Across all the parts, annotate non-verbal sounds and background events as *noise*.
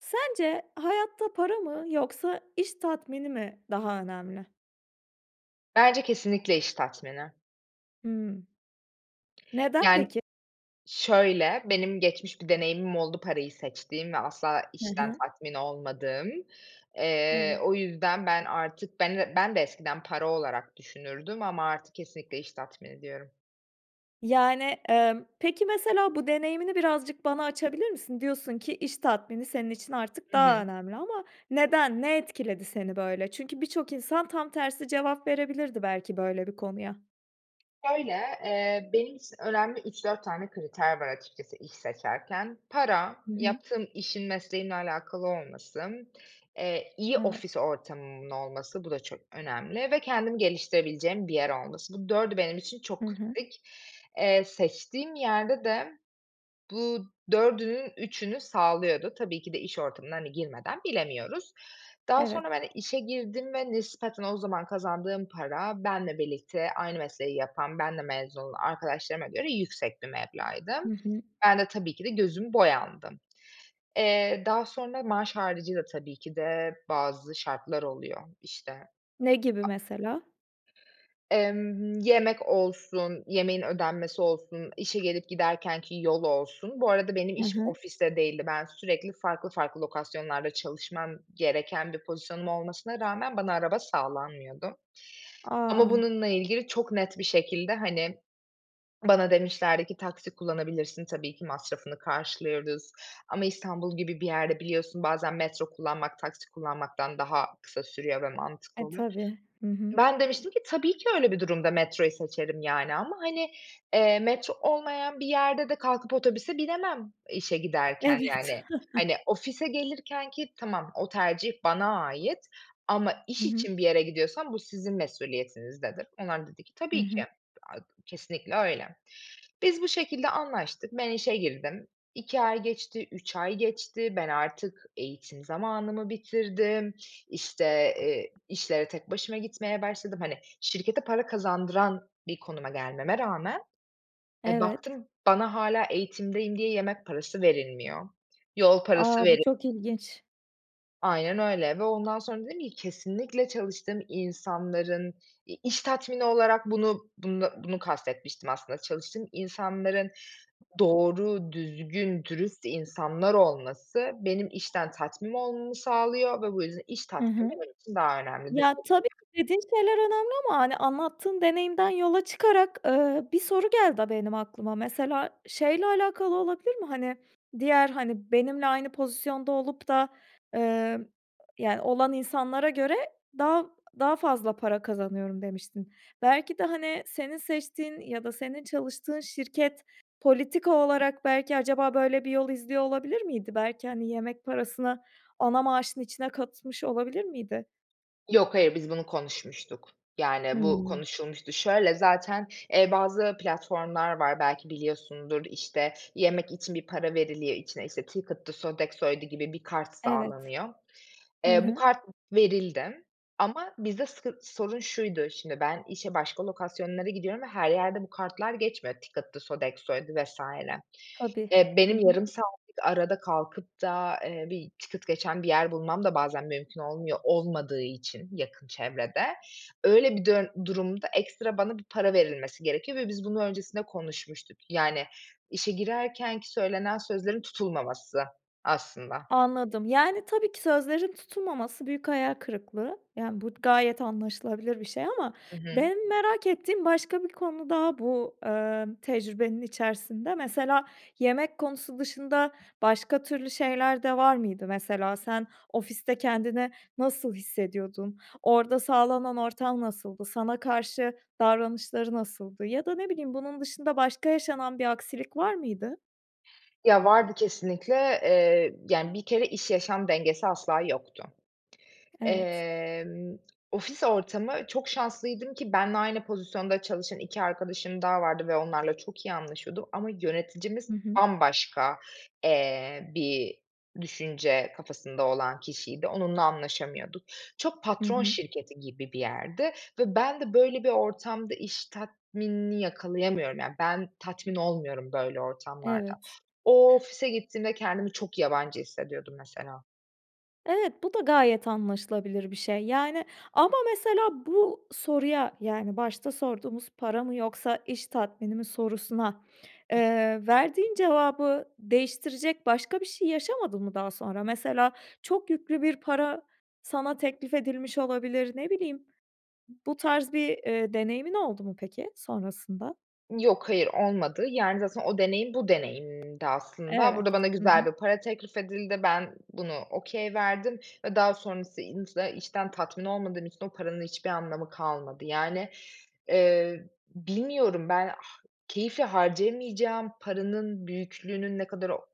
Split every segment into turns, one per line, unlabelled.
Sence hayatta para mı yoksa iş tatmini mi daha önemli?
Bence kesinlikle iş tatmini.
Hımm. Neden,
Yani
peki?
şöyle, benim geçmiş bir deneyimim oldu parayı seçtiğim ve asla
He
işten
he.
tatmin olmadığım. Eee,
Evet.
o yüzden ben artık ben d ben de eskiden para olarak düşünürdüm ama artık kesinlikle iş tatmini diyorum.
Yani, emm, peki, mesela bu deneyimini birazcık bana açabilir misin? Diyorsun ki iş tatmini senin için artık
Hı
daha
hı.
önemli ama neden, ne etkiledi seni böyle? Çünkü birçok insan tam tersi cevap verebilirdi belki böyle bir konuya.
Şöyle, eee, benim için önemli 3-4 tane kriter var açıkçası iş seçerken. Para,
Hı hı.
yaptığım işin mesleğimle alakalı olması, eee, iyi
Evet.
ofis ortamımın olması, bu da çok önemli ve kendimi geliştirebileceğim bir yer olması. Bu dördü benim için
Hı
çok
hı.
kritik. Eee, seçtiğim yerde de bu dördünün üçünü sağlıyordu. Tabii ki de iş ortamına, hani, girmeden bilemiyoruz. Daha
Evet.
sonra, böyle, işe girdim ve nispeten o zaman kazandığım para benle birlikte aynı mesleği yapan, benle mezun olan arkadaşlarıma göre yüksek bir meblağ idi.
Hı hı.
Ben de, tabii ki de gözümü boyandım. Eee, daha sonra maaş haricî de tabii ki de bazı şartlar oluyor işte.
Ne gibi
A
mesela?
Emm, yemek olsun, yemeğin ödenmesi olsun, işe gelip giderkenki yol olsun... Bu arada benim
He
iş
he.
ofiste değildi. Ben sürekli farklı farklı lokasyonlarda çalışmam gereken bir pozisyonum olmasına rağmen bana araba sağlanmıyordu ama
A!
bununla ilgili çok net bir şekilde, hani, bana demişlerdi ki, "Taksi kullanabilirsin, tabii ki masrafını karşılıyoruz ama İstanbul gibi bir yerde biliyorsun, bazen metro kullanmak, taksi kullanmaktan daha kısa sürüyor ve mantıklı
E,
oluyor."
tabii. Hı hı.
Ben demiştim ki, "Tabii ki öyle bir durumda metroyu seçerim, yani, ama, hani, eee, metro olmayan bir yerde de kalkıp otobüse binemem işe giderken yani.
Evet.
Hani,
*chuckles*
ofise gelirkenki tamam, o tercih bana ait ama
Hı
iş
hı.
için bir yere gidiyorsam bu sizin mesuliyetinizdedir." Onlar da dedi ki,
Hı
"Tabii ki,
hı.
aaa, kesinlikle öyle." Biz bu şekilde anlaştık, ben işe girdim, 2 ay geçti, 3 ay geçti, ben artık eğitim zamanımı bitirdim, işte, eee, işlere tek başıma gitmeye başladım. Hani, şirkete para kazandıran bir konuma gelmeme rağmen, eee,
Evet.
baktım bana hâlâ eğitimdeyim diye yemek parası verilmiyor. Yol parası
A! Bu
veri
çok ilginç.
Aynen öyle ve ondan sonra dedim ki kesinlikle çalıştığım insanların, iii, iş tatmini olarak bunu, bunda, bunu kast etmiştim aslında. Çalıştığım insanların doğru, düzgün, dürüst insanlar olması benim işten tatmin olmamı sağlıyor ve bu yüzden iş
Hı
tatmini
hı.
benim için daha önemlidir
Ya,
ded
tabii ki
*unintelligible*
dediğin şeyler önemli ama hani, anlattığın deneyimden yola çıkarak, ııı, bir soru geldi a benim aklıma. Mesela şeyle alakalı olabilir mi: Pani, diğer, hani, benimle aynı pozisyonda olup da, ııı, yani, olan insanlara göre daha daha fazla para kazanıyorum, demiştin. Belki de hani, senin seçtiğin ya da senin çalıştığın şirket politika olarak belki acaba böyle bir yol izliyor olabilir miydi? Belki, hani, yemek parasını ana maaşın içine katmış olabilir miydi?
Yok hayır, biz bunu konuşmuştuk. Yani bu
Hımm.
konuşulmuştu. Şöyle, zaten, eee, bazı platformlar var, belki biliyorsundur. İşte, yemek için bir para veriliyor, içine, işte, Ticket'dı, Sodexo'ydu gibi bir kart
Evet,
sağlanıyor.
hı
Eee, bu
hı.
kart verildi ama bizde sıkın sorun şuydu: Şimdi ben işe başka lokasyonlara gidiyorum ve her yerde bu kartlar geçmiyor, Ticket'dı, Sodexo'ydu vs.
Tabii,
Eee,
hı
benim
hı.
yarım saatlik arada kalkıp da eee, bir Ticket geçen bir yer bulmam da bazen mümkün olmuyor, olmadığı için yakın çevrede. Öyle bir dön durumda ekstra bana bir para verilmesi gerekiyor ve biz bunu öncesinde konuşmuştuk. Yani, işe girerken ki söylenen sözlerin tutulmaması aslında.
Anladım. Yani, tabii ki sözlerin tutulmaması büyük hayal kırıklığı. Yani, bu gayet anlaşılabilir bir şey ama
Hı hı.
benim merak ettiğim başka bir konu daha bu, ııı, tecrübenin içerisinde. Mesela yemek konusu dışında başka türlü şeyler de var mıydı? Mesela sen ofiste kendini nasıl hissediyordun? Orada sağlanan ortam nasıldı? Sana karşı davranışları nasıldı? Ya da ne bileyim, bunun dışında başka yaşanan bir aksilik var mıydı?
Ya, vardı kesinlikle. Eee, yani, bir kere iş yaşam dengesi asla yoktu.
Evet.
Emm, ofis ortamı çok şanslıydım ki benimle aynı pozisyonda çalışan 2 arkadaşım daha vardı ve onlarla çok iyi anlaşıyordum ama yöneticimiz
Hı hı.
bambaşka, eee, bir düşünce kafasında olan kişiydi, onunla anlaşamıyorduk. Çok
Hı
patron
hı.
şirketi gibi bir yerdi ve ben de böyle bir ortamda iş tatminini yakalayamıyorum, yani. Ben tatmin olmuyorum böyle ortamlarda.
Evet.
O ofise gittiğimde kendimi çok yabancı hissediyordum, mesela.
Evet, bu da gayet anlaşılabilir bir şey. Yani, ama mesela bu soruya, yani, başta sorduğumuz para mı, yoksa iş tatmini mi sorusuna, eee, verdiğin cevabı değiştirecek başka bir şey yaşamadın mı daha sonra? Mesela, çok yüklü bir para sana teklif edilmiş olabilir, ne bileyim, bu tarz bir, eee, deneyimin oldu mu peki sonrasında?
Yok, hayır, olmadı. Yani, zaten o deneyim bu deneyimimdi aslında.
Evet.
Burada bana
Hı hı.
güzel bir para teklif edildi, ben bunu okay verdim ve daha sonrasın insa içten tatmin olmadığım için o paranın hiçbir anlamı kalmadı. Yani, eee, bilmiyorum ben, ha keyifle harcayamayacağım paranın büyüklüğünün ne kadar o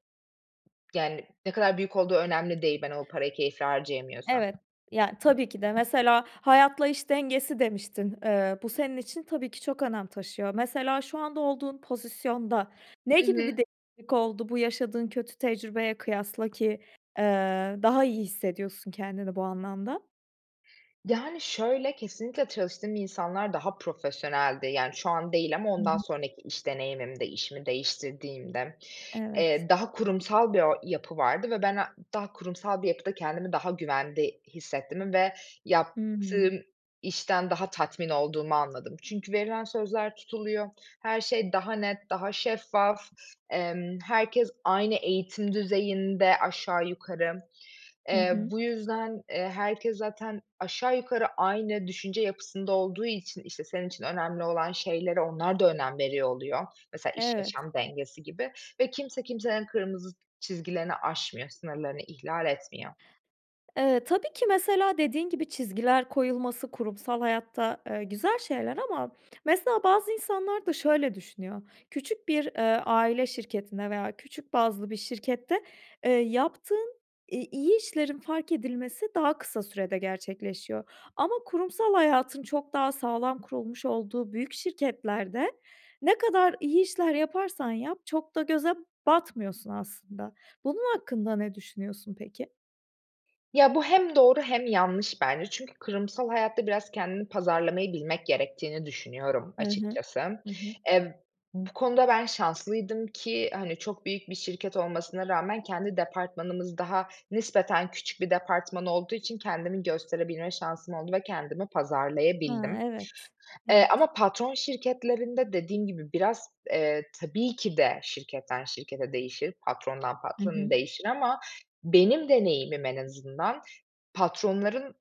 yani, ne kadar büyük olduğu önemli değil, ben o parayı keyifle harcayamıyorsam.
Evet. Ya, tabii ki de. Mesela, hayatla iş dengesi demiştin, ııı, bu senin için tabii ki çok önem taşıyor. Mesela, şu anda olduğun pozisyonda ne
Hı
gibi bir
hı.
değişiklik oldu, bu yaşadığın kötü tecrübeye kıyasla ki, eee, daha iyi hissediyorsun kendini bu anlamda?
Yani, şöyle, kesinlikle çalıştığım insanlar daha profesyoneldi. Yani, şu an değil ama
Hı
ondan
hı.
sonraki iş deneyimimde, işimi değiştirdiğimde,
Evet.
eee, daha kurumsal bir o yapı vardı ve ben a daha kurumsal bir yapıda kendimi daha güvende hissettiğimi ve
Hı hı.
yaptığım işten daha tatmin olduğumu anladım. Çünkü verilen sözler tutuluyor, her şey daha net, daha şeffaf, emm, herkes aynı eğitim düzeyinde aşağı yukarı.
Hı
Eee,
hı.
bu yüzden, eee, herkes zaten aşağı yukarı aynı düşünce yapısında olduğu için, işte, senin için önemli olan şeylere onlar da önem veriyor oluyor. Mesela
Evet.
iş-yaşam dengesi gibi ve kimse kimsenin kırmızı çizgilerini aşmıyor, sınırlarını ihlal etmiyor.
Eee, tabii ki mesela dediğin gibi, çizgiler koyulması kurumsal hayatta, eee, güzel şeyler ama mesela bazı insanlar da şöyle düşünüyor: Küçük bir, eee, aile şirketinde veya küçük bazlı bir şirkette, eee, yaptığın i iyi işlerin fark edilmesi daha kısa sürede gerçekleşiyor. Ama kurumsal hayatın çok daha sağlam kurulmuş olduğu büyük şirketlerde, ne kadar iyi işler yaparsan yap, çok da göze batmıyorsun aslında. Bunun hakkında ne düşünüyorsun peki?
Ya, bu hem doğru hem yanlış bence. Çünkü kurumsal hayatta biraz kendini pazarlamayı bilmek gerektiğini düşünüyorum
He he,
açıkçası.
hı hı.
Eee, bu konuda ben şanslıydım ki, hani, çok büyük bir şirket olmasına rağmen kendi departmanımız daha nispeten küçük bir departman olduğu için kendimi gösterebilme şansım oldu ve kendimi
A,
pazarlayabildim.
evet.
Eee,
Evet.
ama patron şirketlerinde dediğim gibi biraz, eee, tabii ki de şirketten şirkete değişir, patrondan
Hı
patrona
hı.
değişir ama benim deneyimim en azından patronların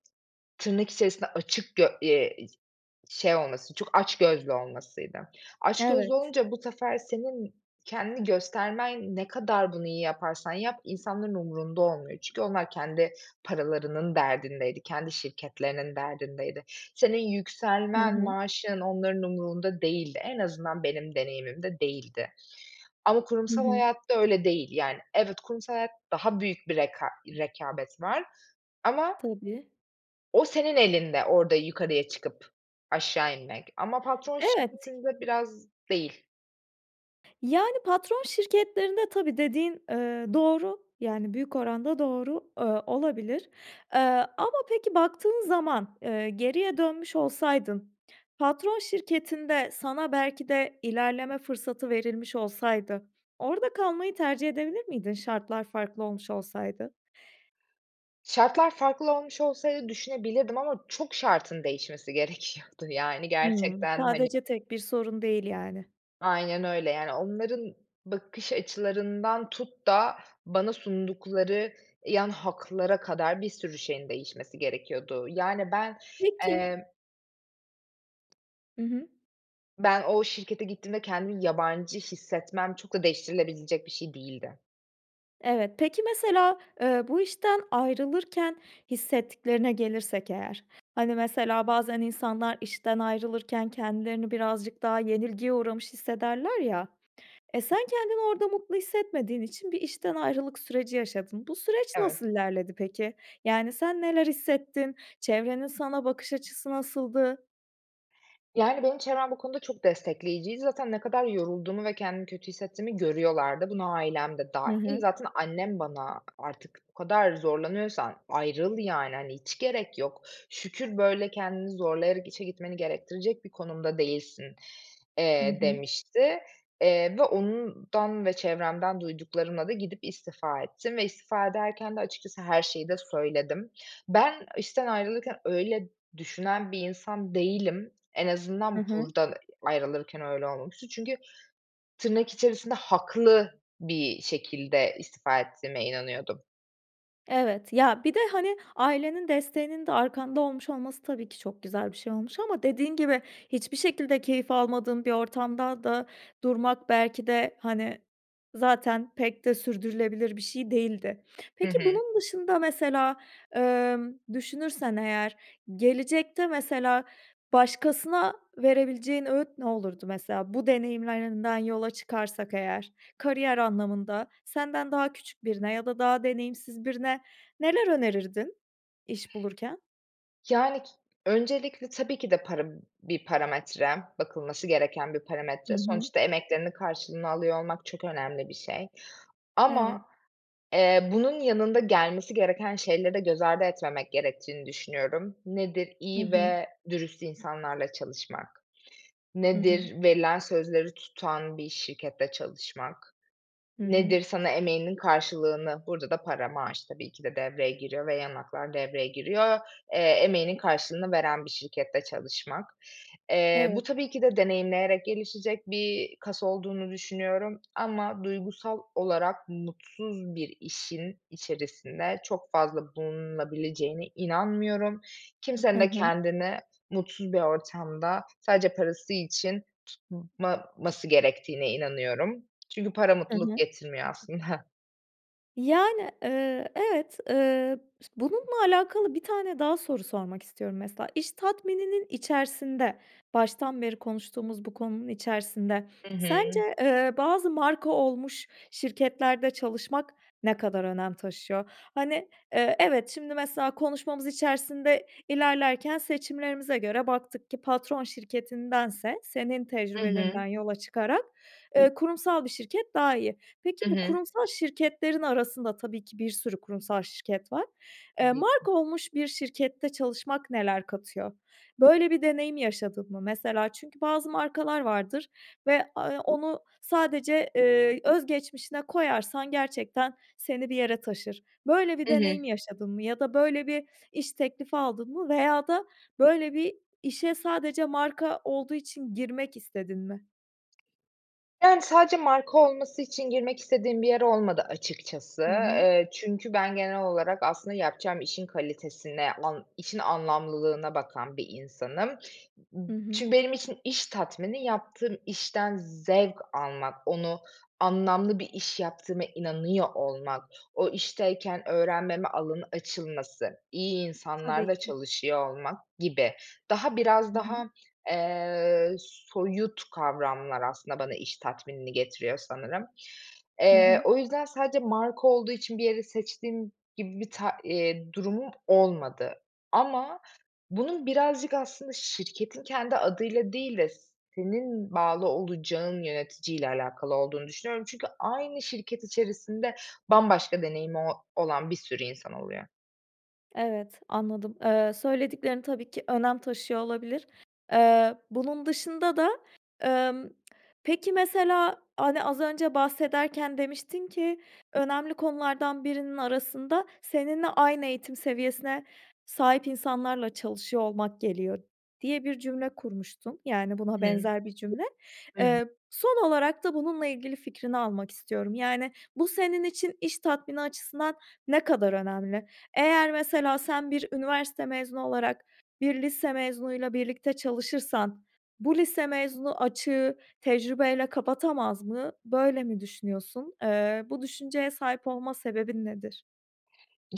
tırnak içerisinde açık gö eee, i şey olması, çok açgözlü olmasıydı. Açgözlü
Evet.
olunca bu sefer senin kendini göstermen ne kadar bunu iyi yaparsan yap insanların umurunda olmuyor. Çünkü onlar kendi paralarının derdindeydi, kendi şirketlerinin derdindeydi. Senin
He
yükselmen,
he.
maaşın, onların umurunda değildi. En azından benim deneyimimde değildi ama
Hı
kurumsal
hı.
hayatta öyle değil. Yani, evet, kurumsal hayat daha büyük bir reka rekabet var ama
Tabii.
o senin elinde orada yukarıya çıkıp aşağı inmek ama patron
Evet.
şirketinde biraz değil.
Yani, patron şirketlerinde, tabii, dediğin, eee, doğru. Yani, büyük oranda doğru, ııı, olabilir. Eee, ama peki, baktığın zaman, eee, geriye dönmüş olsaydın, patron şirketinde sana belki de ilerleme fırsatı verilmiş olsaydı orada kalmayı tercih edebilir miydin şartlar farklı olmuş olsaydı?
Şartlar farklı olmuş olsaydı düşünebilirdim ama çok şartın değişmesi gerekiyordu. Yani,
Hımm,
gerçekten, hani
sadece tek bir sorun değil yani.
Aynen öyle. Yani, onların bakış açılarından tut da bana sundukları yan haklara kadar bir sürü şeyin değişmesi gerekiyordu. Yani, ben,
Peki.
emm
Hı hı.
ben o şirkete gittiğimde kendimi yabancı hissetmem çok da değiştirilebilecek bir şey değildi.
Evet. Peki, mesela, eee, bu işten ayrılırken hissettiklerine gelirsek eğer, hani, mesela bazen insanlar işten ayrılırken kendilerini birazcık daha yenilgiye uğramış hissederler ya, eee, sen kendini orada mutlu hissetmediğin için bir işten ayrılık süreci yaşadın. Bu süreç
Evet.
nasıl ilerledi peki? Yani, sen neler hissettin? Çevrenin sana bakış açısı nasıldı?
Yani, benim çevrem bu konuda çok destekleyiciydi. Zaten ne kadar yorulduğumu ve kendimi kötü hissettiğimi görüyorlardı. Buna ailem de
Hı
dâhil.
hı.
Zaten annem bana artık "O kadar zorlanıyorsan ayrıl, yani, hani, hiç gerek yok. Şükür, böyle, kendini zorlayarak işe gitmeni gerektirecek bir konumda değilsin."
Hı
eee,
hı.
demişti. Eee, ve ondan ve çevremden duyduklarımla da gidip istifa ettim ve istifa ederken de açıkçası her şeyi de söyledim. Ben işten ayrılırken öyle düşünen bir insan değilim. En
Hı
azından
hı.
buradan ayrılırken öyle olmamıştı. Çünkü tırnak içerisinde haklı bir şekilde istifa ettiğime inanıyordum.
Evet. Ya bir de, hani, ailenin desteğinin de arkanda olmuş olması, tabii ki, çok güzel bir şey olmuş ama dediğin gibi, hiçbir şekilde keyif almadığın bir ortamda da durmak belki de, hani, zaten pek de sürdürülebilir bir şey değildi.
Hı
Peki
hı.
bunun dışında mesela, emm, düşünürsen eğer, gelecekte mesela, başkasına verebileceğin öğüt ne olurdu mesela? Bu deneyimlerinden yola çıkarsak eğer kariyer anlamında, senden daha küçük birine ya da daha deneyimsiz birine neler önerirdin iş bulurken?
Yani k öncelikle tabii ki de para, b bir parametre, bakılması gereken bir
Hı
parametre.
hı.
Sonuçta emeklerinin karşılığını alıyor olmak çok önemli bir şey.
Evet.
Ama, eee, bunun yanında gelmesi gereken şeyleri göz ardı etmemek gerektiğini düşünüyorum. Nedir?
Hı
İyi
hı.
ve dürüst insanlarla çalışmak.
Hı hı.
Nedir? Verilen sözleri tutan bir şirkette çalışmak.
Hı hı.
Nedir? Sana emeğinin karşılığını, burada da para, maaş tabii ki de devreye giriyor ve yan haklar devreye giriyor, eee, emeğinin karşılığını veren bir şirkette çalışmak. Eee, bu
Evet.
tabii ki de deneyimleyerek gelişecek bir kas olduğunu düşünüyorum ama duygusal olarak mutsuz bir işin içerisinde çok fazla bulunulabileceğine inanmıyorum.
Hı
Kimsenin de
hı.
kendini mutsuz bir ortamda, sadece parası için tutmaması gerektiğine inanıyorum. Çünkü para,
Hı
mutluluk
hı.
getirmiyor aslında.
Yani, eee, evet, eee, ıs bununla alakalı 1 tane daha soru sormak istiyorum. Mesela, iş tatmininin içerisinde, baştan beri konuştuğumuz bu konunun içerisinde,
Hı
sence,
hı.
eee, bazı marka olmuş şirketlerde çalışmak ne kadar önem taşıyor? Hani, eee, evet, şimdi, mesela, konuşmamız içerisinde ilerlerken seçimlerimize göre baktık ki patron şirketindense senin
Hı
tecrübelerinden
hı.
yola çıkarak, eee, kurumsal bir şirket daha iyi. Peki,
Hı
bu
hı.
kurumsal şirketlerin arasında tabii ki bir sürü kurumsal şirket var. Eee,
Tabii ki.
marka olmuş bir şirkette çalışmak neler katıyor? Böyle bir deneyim yaşadın mı? Mesela çünkü bazı markalar vardır ve, aaa, eee, onu sadece, eee, öz geçmişine koyarsan gerçekten seni bir yere taşır. Böyle bir
Hı hı.
deneyim yaşadın mı ya da böyle bir iş teklifi aldın mı veya da böyle bir işe sadece marka olduğu için girmek istedin mi?
Yani, sadece marka olması için girmek istediğim bir yer olmadı açıkçası.
Hı hı.
Eee, çünkü ben genel olarak aslında yapacağım işin kalitesine, an işin anlamlılığına bakan bir insanım. Imm,
Hı hı.
çünkü benim için iş tatmini yaptığım işten zevk almak, onu anlamlı bir iş yaptığıma inanıyor olmak, o işteyken öğrenmeme alanı açılması, iyi
Tabii
insanlarla
ki.
çalışıyor olmak gibi. Daha biraz
Hı hı.
daha, eee, soyut kavramlar aslında bana iş tatminini getiriyor sanırım.
Hı
Eee,
hı.
o yüzden sadece marka olduğu için bir yere seçtiğim gibi bir ta eee, durumum olmadı ama bunun birazcık aslında şirketin kendi adıyla değil de senin bağlı olacağın yöneticiyle alakalı olduğunu düşünüyorum. Çünkü aynı şirket içerisinde bambaşka deneyimi o olan bir sürü insan oluyor.
Evet, anladım. Eee, söylediklerin tabii ki önem taşıyor olabilir. Eee, bunun dışında da, emm, peki mesela, hani, az önce bahsederken demiştin ki, "Önemli konulardan birinin arasında seninle aynı eğitim seviyesine sahip insanlarla çalışıyor olmak geliyor." diye bir cümle kurmuştun, yani, buna
I hı.
benzer bir cümle.
Hıı.
Eee, son olarak da bununla ilgili fikrini almak istiyorum. Yani, bu senin için iş tatmini açısından ne kadar önemli? Eğer mesela sen bir üniversite mezunu olarak, bir lise mezunuyla birlikte çalışırsan bu lise mezunu açığı tecrübeyle kapatamaz mı? Böyle mi düşünüyorsun? Eee, bu düşünceye sahip olma sebebin nedir?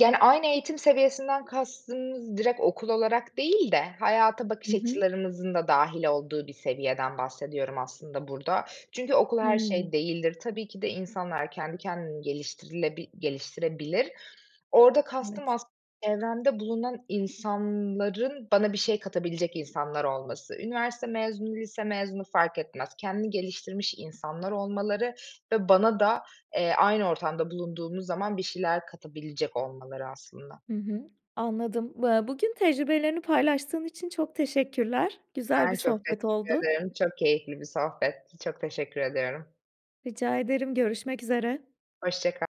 ani, aynı eğitim seviyesinden kastımız direkt okul olarak değil de hayata bakış
Hı hı.
açılarımızın da dâhil olduğu bir seviyeden bahsediyorum aslında burada. Çünkü okul her şey
Hımm.
değildir. Tabii ki de insanlar kendi kendini geliştirilebil geliştirebilir. Orada kastım
Evet.
aslın çevremde bulunan insanların bana bir şey katabilecek insanlar olması. Üniversite mezunu, lise mezunu fark etmez. Kendini geliştirmiş insanlar olmaları ve bana da, eee, aynı ortamda bulunduğumuz zaman bir şeyler katabilecek olmaları aslında.
Hı hı. Anladım. Bı bugün tecrübelerini paylaştığın için çok teşekkürler. Güzel bir
Ben çok
sohbet
teşekkür
oldu.
ederim, çok keyifli bir sohbetti, çok teşekkür ediyorum.
Rica ederim. Görüşmek üzere.
Hoşça kal.